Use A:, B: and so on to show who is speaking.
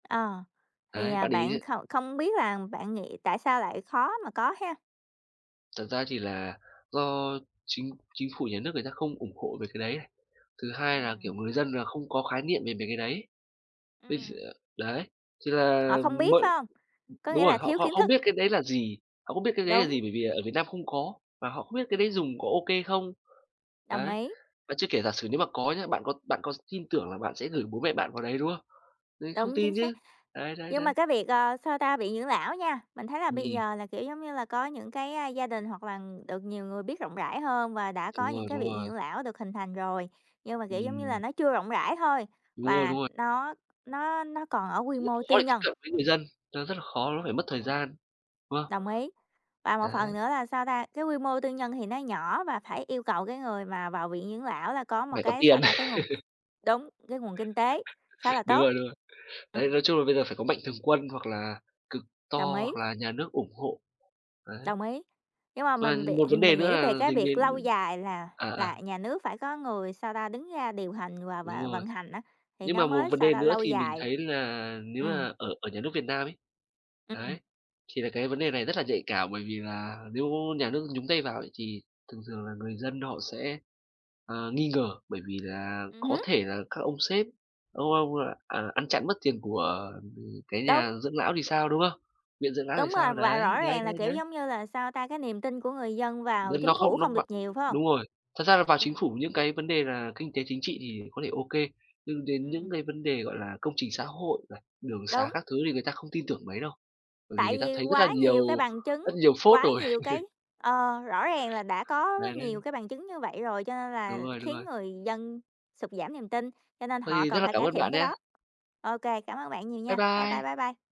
A: Ờ, thì,
B: Đấy,
A: à,
B: bác để ý
A: bạn
B: chứ
A: không không biết là bạn nghĩ tại sao lại khó mà có ha?
B: Thật ra thì là do Chính Chính phủ nhà nước người ta không ủng hộ về cái đấy, đấy. Thứ hai là,
A: Ừm.
B: kiểu, người dân là không có khái niệm về về cái đấy. Ví d
A: Ừm.
B: đấy, thì là
A: Họ không biết, phải
B: mượn
A: hông? Có nghĩa
B: đúng rồi,
A: là
B: họ
A: thiếu
B: họ
A: kiến
B: không
A: thức.
B: biết cái đấy là gì, họ không biết cái đấy là
A: Đúng.
B: gì, bởi vì ở Việt Nam không có, và họ không biết cái đấy
A: Ừm.
B: dùng có ô kê không?
A: Đồng
B: Đấy.
A: ý.
B: Mà chưa kể giả sử nếu mà có nhá, bạn có bạn có tin tưởng là bạn sẽ gửi bố mẹ bạn vào đấy, đúng không? Đấy, không
A: Đúng, chính
B: tin
A: xác.
B: chứ. Đấy, đấy,
A: Nhưng
B: đấy.
A: mà cái việc, ờ, sao ta? Viện dưỡng lão nha, mình thấy là bây
B: Ừm.
A: giờ là, kiểu, giống như là có những cái, a, gia đình hoặc là được nhiều người biết rộng rãi hơn và đã có
B: Đúng rồi,
A: những cái
B: đúng
A: viện
B: rồi.
A: dưỡng lão được hình thành rồi, nhưng mà, kiểu, giống như là
B: Ừm.
A: nó chưa rộng rãi thôi
B: Đúng rồi,
A: và
B: đúng rồi.
A: nó nó nó còn ở quy
B: Rất
A: mô
B: khó
A: tư
B: để tiếp
A: nhân.
B: cận với người dân, nó rất là khó, nó
A: Ừm.
B: phải mất thời gian, đúng không?
A: Đồng ý, và một phần
B: Đấy.
A: nữa là sao ta? Cái quy mô tư nhân thì nó nhỏ và phải yêu cầu cái người mà vào viện dưỡng lão là có một
B: Phải có
A: cái sao
B: tiền.
A: ta? Cái nguồn đúng, cái nguồn kinh tế khá là
B: Đúng
A: tốt.
B: rồi, đúng rồi. Đấy,
A: Ừm.
B: nói chung là bây giờ phải có mạnh thường quân, hoặc là cực to,
A: Đồng ý.
B: hoặc là nhà nước ủng hộ. Đấy.
A: Đồng ý, nhưng mà
B: Và
A: mình
B: một vấn
A: viện
B: đề
A: mình
B: nữa
A: nghĩ về
B: là
A: cái
B: dính
A: việc lâu
B: đến
A: dài là
B: à, à.
A: là nhà nước phải có người, sao ta? Đứng ra điều hành và
B: Đúng
A: và
B: rồi.
A: vận hành á, thì
B: Nhưng
A: nó
B: mà một
A: mới,
B: vấn
A: sao
B: đề
A: ta?
B: nữa
A: Lâu
B: thì mình
A: dài.
B: thấy là nếu
A: Ừm.
B: mà ở ở nhà nước Việt Nam ấy.
A: Ừm.
B: Đấy, thì là cái vấn đề này rất là nhạy cảm bởi vì là nếu nhà nước nhúng tay vào thì thường thường là người dân họ sẽ, ờ, nghi ngờ, bởi vì là
A: Ừm
B: có
A: hứ.
B: thể là các ông sếp, ông ông, à, ăn chặn mất tiền của cái
A: Đúng.
B: nhà dưỡng lão thì sao, đúng không? Viện dưỡng lão thì
A: Đúng rồi,
B: sao?
A: và
B: Đấy,
A: rõ
B: đấy,
A: ràng là,
B: đấy,
A: kiểu,
B: đấy.
A: giống như là, sao ta? Cái niềm tin của người dân vào
B: N nó
A: Chính phủ
B: không nó
A: không được
B: vào
A: nhiều, phải hông?
B: đúng rồi. Thật ra là vào Chính
A: Ừm.
B: phủ những cái vấn đề là kinh tế chính trị thì có thể ô kê, nhưng đến những
A: Ừm.
B: cái vấn đề, gọi là, công trình xã hội này, đường sá
A: Đúng.
B: các thứ thì người ta không tin tưởng mấy đâu. Bởi vì
A: Tại
B: người ta
A: vì
B: thấy rất là
A: quá
B: nhiều
A: nhiều cái bằng chứng,
B: rất nhiều phốt
A: quá
B: rồi.
A: nhiều cái ờ, rõ ràng là đã có quá
B: Đấy,
A: nhiều
B: đấy.
A: cái bằng chứng như vậy rồi cho nên
B: Đúng
A: là
B: rồi, đúng
A: khiến
B: rồi.
A: người dân sụt giảm niềm tin, cho nên
B: Vậy
A: họ
B: thì rất
A: cần
B: là
A: phải
B: cảm
A: cải
B: ơn
A: thiện
B: bạn
A: cái
B: nha!
A: đó. Ô kê, cảm ơn bạn nhiều
B: Bye
A: nha. Bye bye,
B: bye.
A: bye bye.